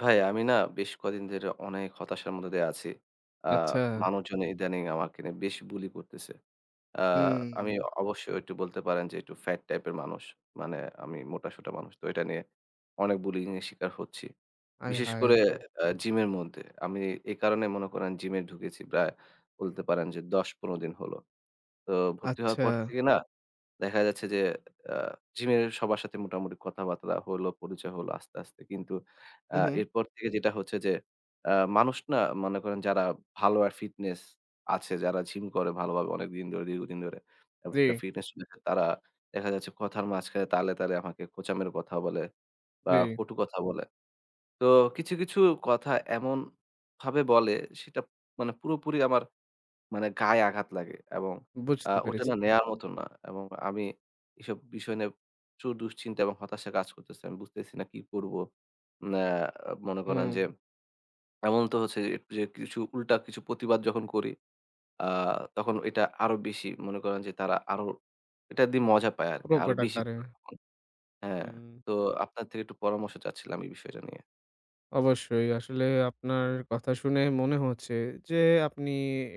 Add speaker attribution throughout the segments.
Speaker 1: ভাই আমি না বেশ কয়দিন ধরে অনেক হতাশার মধ্যে দিয়ে আছি। আ
Speaker 2: আচ্ছা।
Speaker 1: মানুষজন ইদানিং আমাকে নিয়ে বেশ bully করতেছে। আ
Speaker 2: হুম।
Speaker 1: আমি অবশ্য একটু বলতে পারেন যে একটু fat type এর মানুষ। মানে আমি মোটা-সোটা মানুষ। তো এটা নিয়ে অনেক bullying এর শিকার হচ্ছি।
Speaker 2: আয়
Speaker 1: বিশেষ করে
Speaker 2: হায়!
Speaker 1: আ gym-এর মধ্যে। আমি এ কারণে মনে করেন gym-এ ঢুকেছি প্রায় বলতে পারেন যে ১০-১৫ দিন হলো। তো ভর্তি হওয়ার পর
Speaker 2: আচ্ছা।
Speaker 1: থেকে না দেখা যাচ্ছে যে আ gym এর সবার সাথে মোটামুটি কথাবার্তা হলো, পরিচয় হলো আস্তে, আস্তে। কিন্তু আ
Speaker 2: হুম, হুম।
Speaker 1: এরপর থেকে যেটা হচ্ছে যে আ মানুষ না মনে করেন যারা ভালো আর fitness আছে, যারা gym করে ভালো ভাবে অনেকদিন, ধরে দীর্ঘদিন ধরে একটা
Speaker 2: জি।
Speaker 1: fitness তারা দেখা যাচ্ছে কথার মাঝখানে তালে তালে আমাকে খোঁচা মেরে কথা বলে বা,
Speaker 2: জি।
Speaker 1: কটু কথা বলে। তো কিছু, কিছু কথা এমন ভাবে বলে সেটা মানে পুরোপুরি আমার মানে গায়ে আঘাত লাগে এবং আ
Speaker 2: বুঝতে
Speaker 1: ওটা
Speaker 2: পেরেছি।
Speaker 1: না নেয়ার মতো না এবং আমি এসব বিষয় নিয়ে প্রচুর দুশ্চিন্তা এবং হতাশা কাজ করতেছে। আমি বুঝতেছি না কি করব। ন্যা মনে করেন যে
Speaker 2: হুম।
Speaker 1: এমন তো হচ্ছে যে, যে কিছু উল্টা কিছু প্রতিবাদ যখন করি আ তখন এটা আরও বেশি মনে করেন যে তারা আরও এটা দি মজা পায় আরকি। আরও
Speaker 2: প্রকট
Speaker 1: বেশি
Speaker 2: আকারে।
Speaker 1: করে। [unintelligible] হ্যাঁ,
Speaker 2: হুম।
Speaker 1: তো আপনার থেকে একটু পরামর্শ চাচ্ছিলাম এই বিষয়টা নিয়ে।
Speaker 2: অবশ্যই। আসলেই আপনার কথা শুনেই মনে হচ্ছে যে আপনি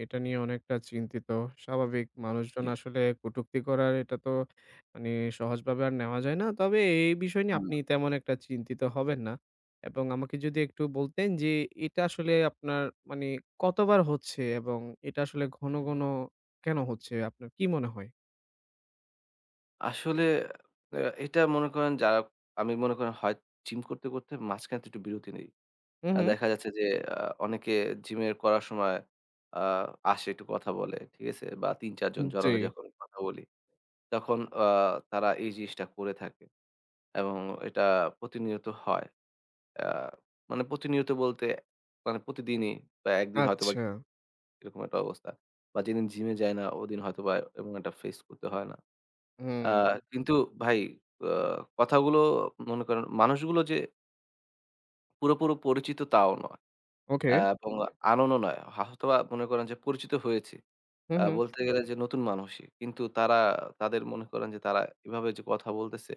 Speaker 2: এটা নিয়ে অনেকটা চিন্তিত। স্বাভাবিক, মানুষজন
Speaker 1: জি।
Speaker 2: আসলে কটুক্তি করার এটা তো মানে সহজভাবে আর নেওয়া যায় না। তবে এই বিষয় নিয়ে
Speaker 1: হুম।
Speaker 2: আপনি তেমন একটা চিন্তিত হবেন না। এবং আমাকে যদি একটু বলতেন যে এটা আসলে আপনার মানে কতবার হচ্ছে এবং এটা আসলে ঘন, ঘন কেন হচ্ছে? আপনার কি মনে হয়?
Speaker 1: আসলে অ্যা এইটা মনে করেন যারা আমি মনে করেন হয় Gym করতে করতে মাঝখানে একটু বিরতি নেই।
Speaker 2: হুম,
Speaker 1: অ্যা
Speaker 2: হুম।
Speaker 1: দেখা যাচ্ছে যে আ অনেকে Gym এর করার সময় আ আসে একটু কথা বলে ঠিক আছে? বা ৩ ৪
Speaker 2: উম
Speaker 1: জন জড়ো
Speaker 2: জি।
Speaker 1: হয়ে যখন কথা বলি, তখন অ তারা এই জিনিসটা করে থাকে এবং এটা প্রতিনিয়ত হয়। অ্যা মানে প্রতিনিয়ত বলতে মানে প্রতিদিনই বা একদিন হয়তোবা
Speaker 2: আচ্ছা।
Speaker 1: এরকম একটা অবস্থা। বা যেদিন Gym এ যাই না ওদিন হয়তোবা এমন এটা face করতে হয় না। আ
Speaker 2: হুম।
Speaker 1: কিন্তু ভাই অ্যা কথাগুলো মনে করেন মানুষগুলো যে পুরোপুরো পরিচিত তাও নয়
Speaker 2: ওকে।
Speaker 1: অ্যা এবং unknown ও নয়। হা হয়তোবা মনে করেন যে পরিচিত হয়েছি।
Speaker 2: হুম,
Speaker 1: আ
Speaker 2: হুম।
Speaker 1: বলতে গেলে যে নতুন মানুষই। কিন্তু তারা তাদের মনে করেন যে তারা এভাবে যে কথা বলতেছে,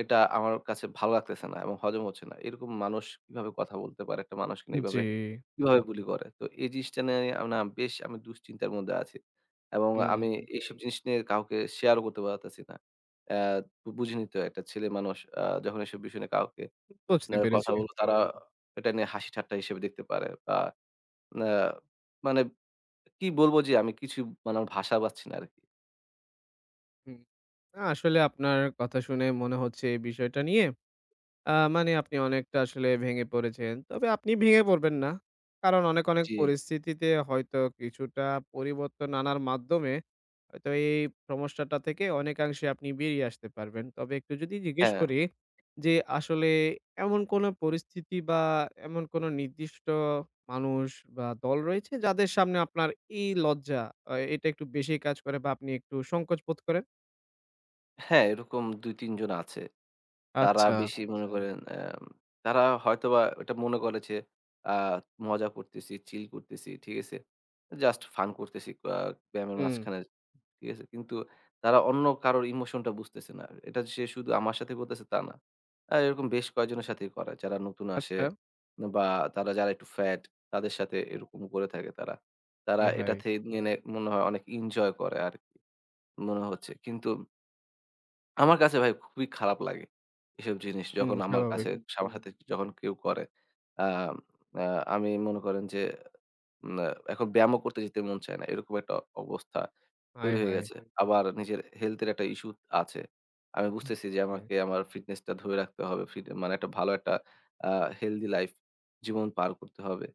Speaker 1: এটা আমার কাছে ভাল লাগতেছে না এবং হজম হচ্ছে না। এরকম মানুষ কিভাবে কথা বলতে পারে? একটা মানুষকে
Speaker 2: জি।
Speaker 1: এইভাবে কিভাবে Bulli করে? তো এই জিনিসটা নিয়ে আমি না বেশ আমি দুশ্চিন্তার মধ্যে আছি এবং আমি
Speaker 2: হুম।
Speaker 1: এসব জিনিস নিয়ে কাউকে share ও করতে পারতেছি না। অ্যা বুঝেনই তো একটা ছেলে মানুষ আ যখন এসব বিষয় নিয়ে কাউকে
Speaker 2: বুঝতে
Speaker 1: মানে কথা
Speaker 2: পেরেছি।
Speaker 1: বলে তারা এটা নিয়ে হাসিঠাট্টা হিসেবে দেখতে পারে। বা না মানে কি বলব যে আমি কিছু মানে আমার ভাষা পাচ্ছি না আরকি।
Speaker 2: হুম। না, আসলে আপনার কথা শুনে মনে হচ্ছে এই বিষয়টা নিয়ে আ মানে আপনি অনেকটা আসলে ভেঙে পড়েছেন। তবে আপনি ভেঙে পড়বেন না। কারণ অনেক অনেক
Speaker 1: জি।
Speaker 2: পরিস্থিতিতে হয়তো কিছুটা পরিবর্তন আনার মাধ্যমে হয়তো এই সমস্যাটা থেকে অনেকাংশে আপনি বেরিয়ে আসতে পারবেন। তবে একটু যদি জিজ্ঞেস
Speaker 1: হ্যাঁ।
Speaker 2: করি যে, আসলে এমন কোন পরিস্থিতি বা এমন কোন নির্দিষ্ট মানুষ বা দল রয়েছে যাদের সামনে আপনার এই লজ্জা আ এটা একটু বেশি কাজ করে বা আপনি একটু সংকোচ বোধ করেন?
Speaker 1: হ্যাঁ, এরকম ২ ৩ জন আছে। তারা
Speaker 2: আচ্ছা।
Speaker 1: বেশি মনে করেন আ তারা হয়তোবা ওইটা মনে করে যে, আ মজা করতেছি, Chill করতেছি ঠিক আছে। Just fun করতেছি আ ব্যায়ামের
Speaker 2: হুম।
Speaker 1: মাঝখানে। ঠিক আছে, কিন্তু তারা অন্য কারোর Emotion টা বুঝতেছে না। এটা সে শুধু আমার সাথে করতেছে তা না। আ এরকম বেশ কয়েকজনের সাথেই করে। যারা নতুন আসে
Speaker 2: আচ্ছা।
Speaker 1: বা তারা যারা একটু Fat তাদের সাথে এরকম করে থাকে তারা। তারা
Speaker 2: হায়
Speaker 1: এটা
Speaker 2: হায়!
Speaker 1: থেকে মানে মনে হয় অনেক enjoy করে আর, মনে হচ্ছে। কিন্তু আমার কাছে ভাই খুবই খারাপ লাগে এসব জিনিস
Speaker 2: হুম,
Speaker 1: যখন আমার
Speaker 2: স্বাভাবিক।
Speaker 1: কাছে, আমার সাথে যখন কেউ করে। আ আ আমি মনে করেন যে আ এখন ব্যায়ামও করতে যেতে মন চায় না। এরকম একটা অবস্থা
Speaker 2: হায়
Speaker 1: তৈরি হয়ে
Speaker 2: হায়!
Speaker 1: গেছে। আবার নিজের Health এর একটা issue আছে। আমি বুঝতেছি যে
Speaker 2: ওকে।
Speaker 1: আমাকে আমার Fitness টা ধরে রাখতে হবে। ফিট মানে একটা ভালো একটা আ Healthy life জীবন পার করতে হবে।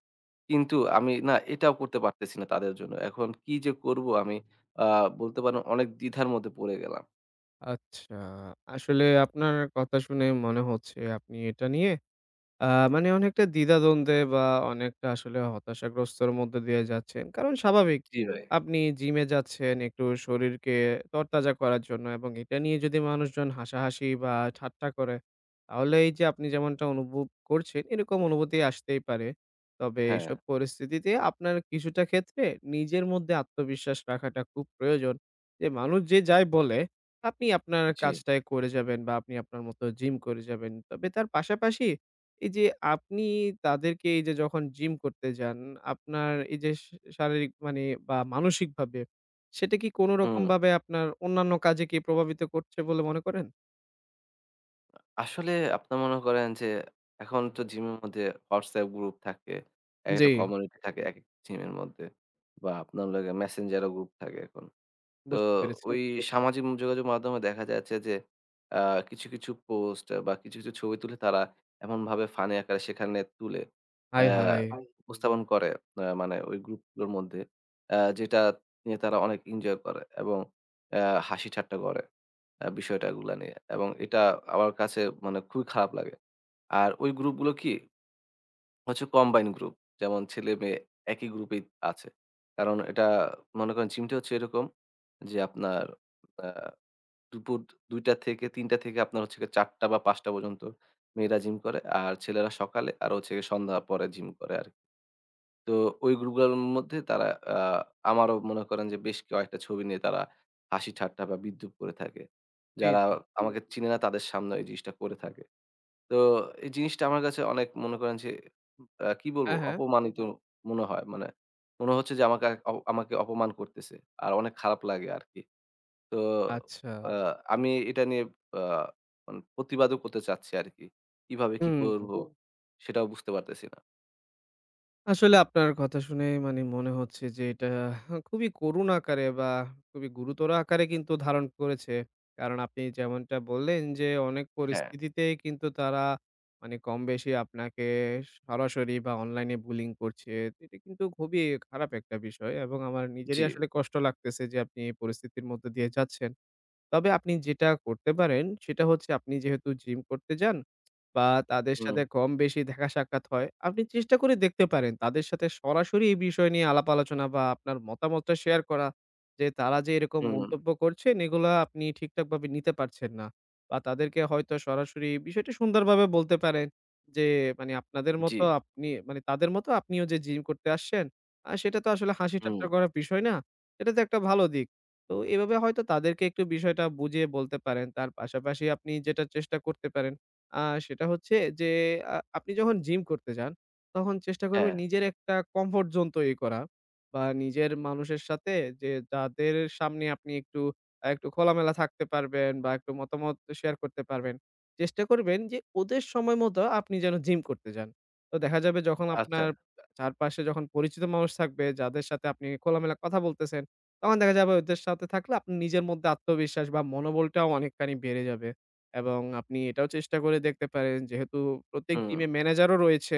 Speaker 1: কিন্তু আমি না এটাও করতে পারতেছি না তাদের জন্য। এখন কি যে করব আমি, আ বলতে পারেন অনেক দ্বিধার মধ্যে পড়ে গেলাম।
Speaker 2: আচ্ছা। আসলে আপনার কথা শুনে মনে হচ্ছে আপনি এটা নিয়ে আ মানে অনেকটা দ্বিধা-দ্বন্দ্বে বা অনেকটা আসলে হতাশাগ্রস্তর মধ্য দিয়ে যাচ্ছেন। কারণ স্বাভাবিক,
Speaker 1: জ্বী ভাই।
Speaker 2: আপনি জিমে যাচ্ছেন একটু শরীরকে তরতাজা করার জন্য। এবং এটা নিয়ে যদি মানুষজন হাসাহাসি বা ঠাট্টা করে, তাহলে এই যে আপনি যেমনটা অনুভব করছেন এরকম অনুভূতি আসতেই পারে। তবে এসব
Speaker 1: হ্যাঁ।
Speaker 2: পরিস্থিতিতে আপনার কিছুটা ক্ষেত্রে নিজের মধ্যে আত্মবিশ্বাস রাখাটা খুব প্রয়োজন। যে মানুষ যে যাই বলে, আপনি আপনার
Speaker 1: জ্বী।
Speaker 2: কাজটাই করে যাবেন বা আপনি আপনার মতো জিম করে যাবেন। তবে তার পাশাপাশি, এই যে আপনি তাদেরকে এই যে যখন জিম করতে যান আপনার এই যে শ শারীরিক মানে বা মানসিকভাবে, সেটা কি কোন
Speaker 1: হুম।
Speaker 2: রকমভাবে আপনার অন্যান্য কাজে কি প্রভাবিত করছে বলে মনে করেন?
Speaker 1: আ আসলে আপনার মনে করেন যে, এখন তো Gym এর মধ্যে WhatsApp group থাকে। এক,
Speaker 2: জ্বী।
Speaker 1: একটা community থাকে, এক, এক Gym-এর মধ্যে বা আপনার লাগে Messenger ও group থাকে এখন। তো
Speaker 2: বুঝতে পেরেছি।
Speaker 1: ওই সামাজিক যোগাযোগ মাধ্যমে দেখা যাচ্ছে যে, অ্যা কিছু, কিছু post বা কিছু কিছু ছবি তুলে তারা এমনভাবে ফানি আকারে সেখানে তুলে
Speaker 2: আয়, হায়।
Speaker 1: অ্যা উপস্থাপন করে। আ মানে ওই group গুলোর মধ্যে অ্যা যেটা নিয়ে তারা অনেক enjoy করে। এবং অ্যা হাসি-ঠাট্টা করে, আ বিষয়টা গুলা নিয়ে। এবং এটা আমার কাছে মানে খুবই খারাপ লাগে। আর ওই group গুলো কি? হচ্ছে combine group। যেমন ছেলে-মেয়ে একই group এই আছে। কারণ এটা মনে করেন Gym টা হচ্ছে এরকম যে, আপনার আ দুপুর ২ টা থেকে ৩ টা থেকে আপনার হচ্ছে গিয়ে ৪ টা বা ৫ টা পর্যন্ত মেয়েরা Gym করে। আর ছেলেরা সকালে আর হচ্ছে গিয়ে সন্ধ্যার পরে Gym করে আরকি। তো ওই group এর মধ্যে তারা, আ আমারও মনে করেন যে বেশ কয়েকটা ছবি নিয়ে তারা হাসি-ঠাট্টা বা বিদ্রূপ করে থাকে।
Speaker 2: জ্বী,
Speaker 1: যারা
Speaker 2: জ্বী।
Speaker 1: আমাকে চিনে না তাদের সামনে ওই জিনিসটা করে থাকে। তো, এই জিনিসটা আমার কাছে অনেক মনে করেন যে, আ কি বলব
Speaker 2: হ্যাঁ, হ্যাঁ।
Speaker 1: অপমানিত মনে হয়। মানে, মনে হচ্ছে যে আমাকে আর আমাকে অপমান করতেছে আর অনেক খারাপ লাগে আরকি। তো,
Speaker 2: আচ্ছা।
Speaker 1: আ আমি এটা নিয়ে, আ মানে প্রতিবাদও করতে চাচ্ছি আরকি। কিভাবে কি করব
Speaker 2: হুম।
Speaker 1: সেটাও বুঝতে পারতেছি না।
Speaker 2: আসলে আপনার কথা শুনেই মানে মনে হচ্ছে যে, এটা খুবই করুণ আকারে বা খুবই গুরুতর আকারে কিন্তু ধারণ করেছে। কারণ আপনি যেমনটা বললেন যে, অনেক
Speaker 1: হ্যাঁ।
Speaker 2: পরিস্থিতিতে কিন্তু তারা মানে কম বেশি আপনাকে সরাসরি বা অনলাইনে Bullying করছে। এটা কিন্তু খুবই খারাপ একটা বিষয় এবং আমার নিজেরই
Speaker 1: জি।
Speaker 2: আসলে কষ্ট লাগতেছে যে, আপনি এই পরিস্থিতির মধ্য দিয়ে যাচ্ছেন। তবে আপনি যেটা করতে পারেন সেটা হচ্ছে আপনি যেহেতু gym করতে যান বা তাদের সাথে
Speaker 1: হুম।
Speaker 2: কম বেশি দেখা সাক্ষাৎ হয়, আপনি চেষ্টা করে দেখতে পারেন তাদের সাথে সরাসরি এই বিষয় নিয়ে আলাপ আলোচনা বা আপনার মতামতটা শেয়ার করা। যে তারা যে এরকম
Speaker 1: হুম।
Speaker 2: মন্তব্য করছেন এগুলা আপনি ঠিকঠাকভাবে নিতে পারছেন না বা তাদেরকে হয়তো সরাসরি বিষয়টি সুন্দরভাবে বলতে পারেন যে, মানে আপনাদের মত
Speaker 1: জি।
Speaker 2: আপনি, মানে তাদের মত আপনিও যে gym করতে আসছেন আ সেটা তো আসলে হাসি ঠাট্টা
Speaker 1: হুম।
Speaker 2: করার বিষয় না, এটা তো একটা ভালো দিক। তো এভাবে হয়তো তাদেরকে একটু বিষয়টা বুঝিয়ে বলতে পারেন। তার পাশাপাশি আপনি যেটা চেষ্টা করতে পারেন আ সেটা হচ্ছে যে, আ আপনি যখন gym করতে যান, তখন চেষ্টা করবেন
Speaker 1: হ্যাঁ।
Speaker 2: নিজের একটা comfort zone তৈরি করা বা নিজের মানুষের সাথে যে যাদের সামনে আপনি একটু আ একটু খোলামেলা থাকতে পারবেন বা একটু মতামত শেয়ার করতে পারবেন। চেষ্টা করবেন যে ওদের সময় মতো আপনি যেন gym করতে যান। তো দেখা যাবে যখন
Speaker 1: আচ্ছা।
Speaker 2: আপনার চারপাশে যখন পরিচিত মানুষ থাকবে যাদের সাথে আপনি খোলামেলা কথা বলতেছেন, তখন দেখা যাবে ওদের সাথে থাকলে আপনার নিজের মধ্যে আত্মবিশ্বাস বা মনোবলটাও অনেকখানি বেড়ে যাবে। এবং আপনি এটাও চেষ্টা করে দেখতে পারেন যেহেতু প্রত্যেক
Speaker 1: হুম।
Speaker 2: gym-এ manager-ও রয়েছে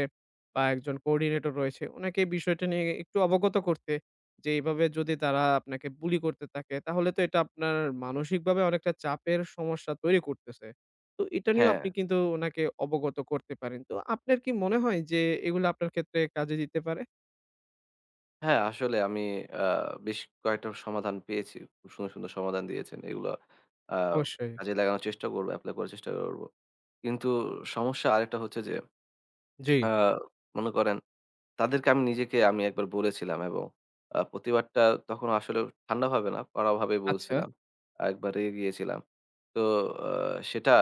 Speaker 2: বা একজন coordinator রয়েছে, ওনাকে বিষয়টা নিয়ে একটু অবগত করতে, যে এইভাবে যদি তারা আপনাকে bully করতে থাকে তাহলে তো এটা আপনার মানসিকভাবে অনেকটা চাপের সমস্যা তৈরি করতেছে। তো এটা নিয়েও আপনি
Speaker 1: হ্যাঁ।
Speaker 2: কিন্তু উনাকে অবগত করতে পারেন। তো আপনার কি মনে হয় যে, এগুলা আপনার ক্ষেত্রে কাজে দিতে পারে?
Speaker 1: হ্যাঁ, আসলে আমি, আ বেশ কয়েকটা সমাধান পেয়েছি। খুব সুন্দর, সুন্দর সমাধান দিয়েছেন। এগুলো, আ
Speaker 2: অবশ্যই।
Speaker 1: কাজে লাগানোর চেষ্টা করব, apply করার চেষ্টা করব। কিন্তু সমস্যা আরেকটা হচ্ছে যে,
Speaker 2: জি।
Speaker 1: আ মনে করেন তাদেরকে আমি নিজেকে আমি একবার বলেছিলাম এবং আ প্রতিবাদটা তখন আসলে ঠান্ডাভাবে না, কড়া ভাবে
Speaker 2: আচ্ছা।
Speaker 1: বলছিলাম। একবারে গিয়েছিলাম। তো, আ সেটা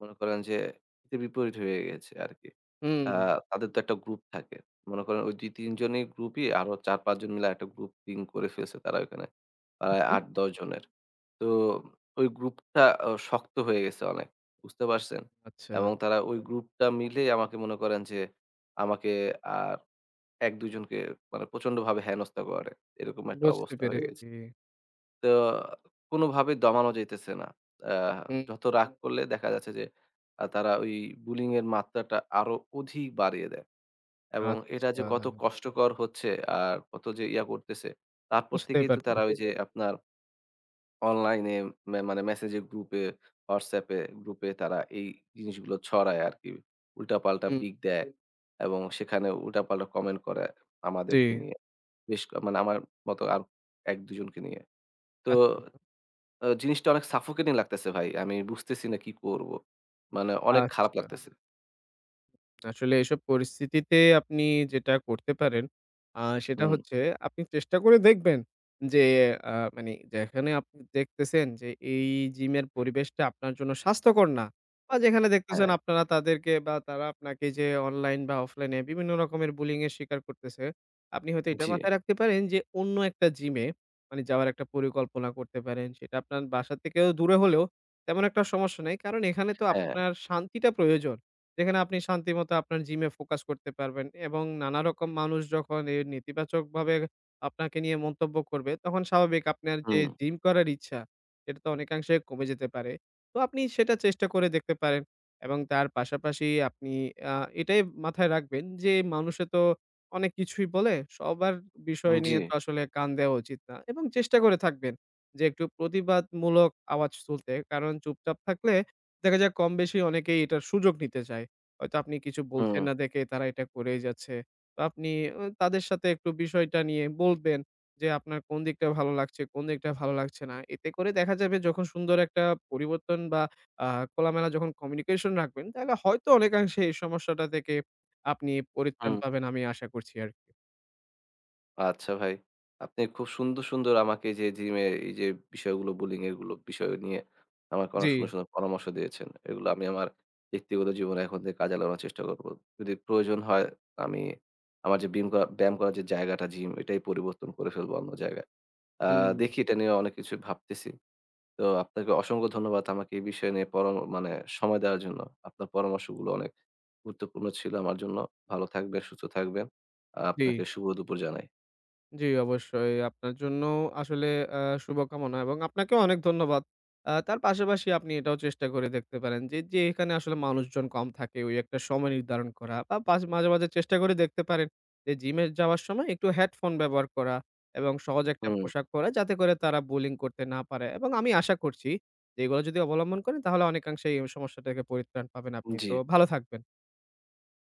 Speaker 1: মনে করেন যে হীতে-বিপরীত হয়ে গেছে আরকি। আ
Speaker 2: হুম।
Speaker 1: তাদের তো একটা group থাকে। মনে করেন ওই ২-৩ জনের group-ই আরও ৪-৫-জন মিলে একটা group team করে ফেলছে তারা ওখানে,
Speaker 2: হুম,
Speaker 1: প্রায়
Speaker 2: হুম।
Speaker 1: ৮-১০-জনের। তো ওই group-টা আ শক্ত হয়ে গেছে অনেক, বুঝতে পারছেন?
Speaker 2: আচ্ছা।
Speaker 1: এবং তারা ওই group-টা মিলেই আমাকে মনে করেন যে আমাকে আর ১-২ জনকে মানে প্রচণ্ডভাবে হেনস্তা করে, এরকম একটা
Speaker 2: বুঝতে
Speaker 1: অবস্থা হয়ে গেছে।
Speaker 2: পেরেছি।
Speaker 1: তো কোনোভাবেই দমানো যাইতেছে না। আ
Speaker 2: হুম।
Speaker 1: যত রাগ করলে দেখা যাচ্ছে যে তারা ওই bullying এর মাত্রাটা আরও অধিক বাড়িয়ে দেয় এবং এটা যে
Speaker 2: আচ্ছা।
Speaker 1: কত কষ্টকর হচ্ছে আর কত যে ইয়া করতেছে, তারপর
Speaker 2: বুঝতে
Speaker 1: থেকেই তো
Speaker 2: পারতে
Speaker 1: তারা ওই যে আপনার online-এ মানে message group-এ, WhatsApp-এ group-এ তারা এই জিনিসগুলো ছড়ায় আরকি। উল্টা-পাল্টা
Speaker 2: হুম।
Speaker 1: pic দেয় এবং সেখানে উল্টা-পাল্টা comment করে আমাদেরকে
Speaker 2: জি।
Speaker 1: নিয়ে। বেশ ক মানে আমার মতো আর ১-২ জনকে নিয়ে। তো
Speaker 2: আচ্ছা।
Speaker 1: ও জিনিসটা অনেক suffocating লাগতেছে ভাই। আমি বুঝতেছি না কি করব। মানে অনেক খারাপ
Speaker 2: আচ্ছা।
Speaker 1: লাগতেছে।
Speaker 2: আসলে এসব পরিস্থিতিতে আপনি যেটা করতে পারেন, আ সেটা
Speaker 1: হুম।
Speaker 2: হচ্ছে আপনি চেষ্টা করে দেখবেন যে, আ মানে যেখানে আপনি দেখতেছেন যে এই gym-এর পরিবেশটা আপনার জন্য স্বাস্থ্যকর না। বা যেখানে দেখতেছেন
Speaker 1: হ্যাঁ।
Speaker 2: আপনারা তাদেরকে বা তারা আপনাকে যে অনলাইন বা অফলাইনে বিভিন্ন রকমের Bullying-এর শিকার করতেছে, আপনি হয়তো এটা
Speaker 1: জ্বী।
Speaker 2: মাথায় রাখতে পারেন যে অন্য একটা gym-এ, মানে যাওয়ার একটা পরিকল্পনা করতে পারেন। সেটা আপনার বাসার থেকেও দূরে হলেও তেমন একটা সমস্যা নাই, কারণ এখানে তো
Speaker 1: হ্যাঁ।
Speaker 2: আপনার শান্তিটা প্রয়োজন। যেখানে আপনি শান্তিমতো আপনার gym-এ focus করতে পারবেন, এবং নানা রকম মানুষ যখন এই নেতিবাচকভাবে আপনাকে নিয়ে মন্তব্য করবে, তখন স্বাভাবিক আপনার যে
Speaker 1: হুম।
Speaker 2: gym করার ইচ্ছা, সেটা তো অনেকাংশে কমে যেতে পারে। তো আপনি সেটা চেষ্টা করে দেখতে পারেন, এবং তার পাশাপাশি আপনি আ এটাই মাথায় রাখবেন যে, মানুষে তো অনেক কিছুই বলে। সবার বিষয়
Speaker 1: হুম,
Speaker 2: নিয়ে
Speaker 1: জ্বী।
Speaker 2: তো আসলে কান দেওয়া উচিত না এবং চেষ্টা করে থাকবেন যে একটু প্রতিবাদমূলক আওয়াজ তুলতে, কারণ চুপচাপ থাকলে দেখা যায় কম বেশি অনেকেই এটার সুযোগ নিতে চায়। হয়তো আপনি কিছু বলছেন
Speaker 1: হুম।
Speaker 2: না দেখে তারা এটা করেই যাচ্ছে। তো আপনি ঐ তাদের সাথে একটু বিষয়টা নিয়ে বলতেন যে আপনার কোন দিকটা ভালো লাগছে? কোন দিকটা ভালো লাগছে না? এতে করে দেখা যাবে যখন সুন্দর একটা পরিবর্তন বা আ খোলামেলা যখন communication রাখবেন, তাহলে হয়তো অনেকাংশে এই সমস্যাটা থেকে আপনি পরিত্রাণ
Speaker 1: হুম।
Speaker 2: পাবেন আমি আশা করছি আরকি।
Speaker 1: আচ্ছা ভাই, আপনি খুব সুন্দর, সুন্দর আমাকে এই যে gym-এর এই যে বিষয়গুলো, bullying এর এগুলো বিষয় নিয়ে আমাকে অনেক
Speaker 2: জ্বী।
Speaker 1: সুন্দর, সুন্দর পরামর্শ দিয়েছেন। এগুলো আমি আমার ব্যক্তিগত জীবনে এখন থেকে কাজে লাগানোর চেষ্টা করব। যদি প্রয়োজন হয় আমি, আমার যে বিম করা ব্যায়াম করার যে জায়গাটা gym ঐটাই পরিবর্তন করে ফেলব অন্য জায়গায়। আ
Speaker 2: হুম।
Speaker 1: দেখি এটা নিয়ে অনেক কিছু ভাবতেছি। তো আপনাকে অসংখ্য ধন্যবাদ আমাকে এই বিষয় নিয়ে পরাম মানে সময় দেওয়ার জন্য। আপনার পরামর্শগুলো অনেক গুরুত্বপূর্ণ ছিল আমার জন্য। ভালো থাকবেন, সুস্থ থাকবেন। আ
Speaker 2: জ্বী।
Speaker 1: আপনাকে শুভদুপুর জানাই।
Speaker 2: জ্বী, অবশ্যই। আপনার জন্যও আসলে অ্যা শুভকামনা এবং আপনাকেও অনেক ধন্যবাদ। আ তার পাশাপাশি আপনি এটাও চেষ্টা করে দেখতে পারেন যে, যেখানে আসলে মানুষজন কম থাকে ওই একটা সময় নির্ধারণ করা, বা পাস মাঝে, মাঝে চেষ্টা করে দেখতে পারেন যে gym-এ যাওয়ার সময় একটু headphone ব্যবহার করা, এবং সহজ একটা
Speaker 1: হুম।
Speaker 2: পোশাক পরা যাতে করে তারা Bullying করতে না পারে। এবং আমি আশা করছি, যে এগুলা যদি অবলম্বন করেন তাহলে অনেকাংশে এই সমস্যা থেকে পরিত্রাণ পাবেন আপনি। তো
Speaker 1: জ্বী।
Speaker 2: ভালো থাকবেন।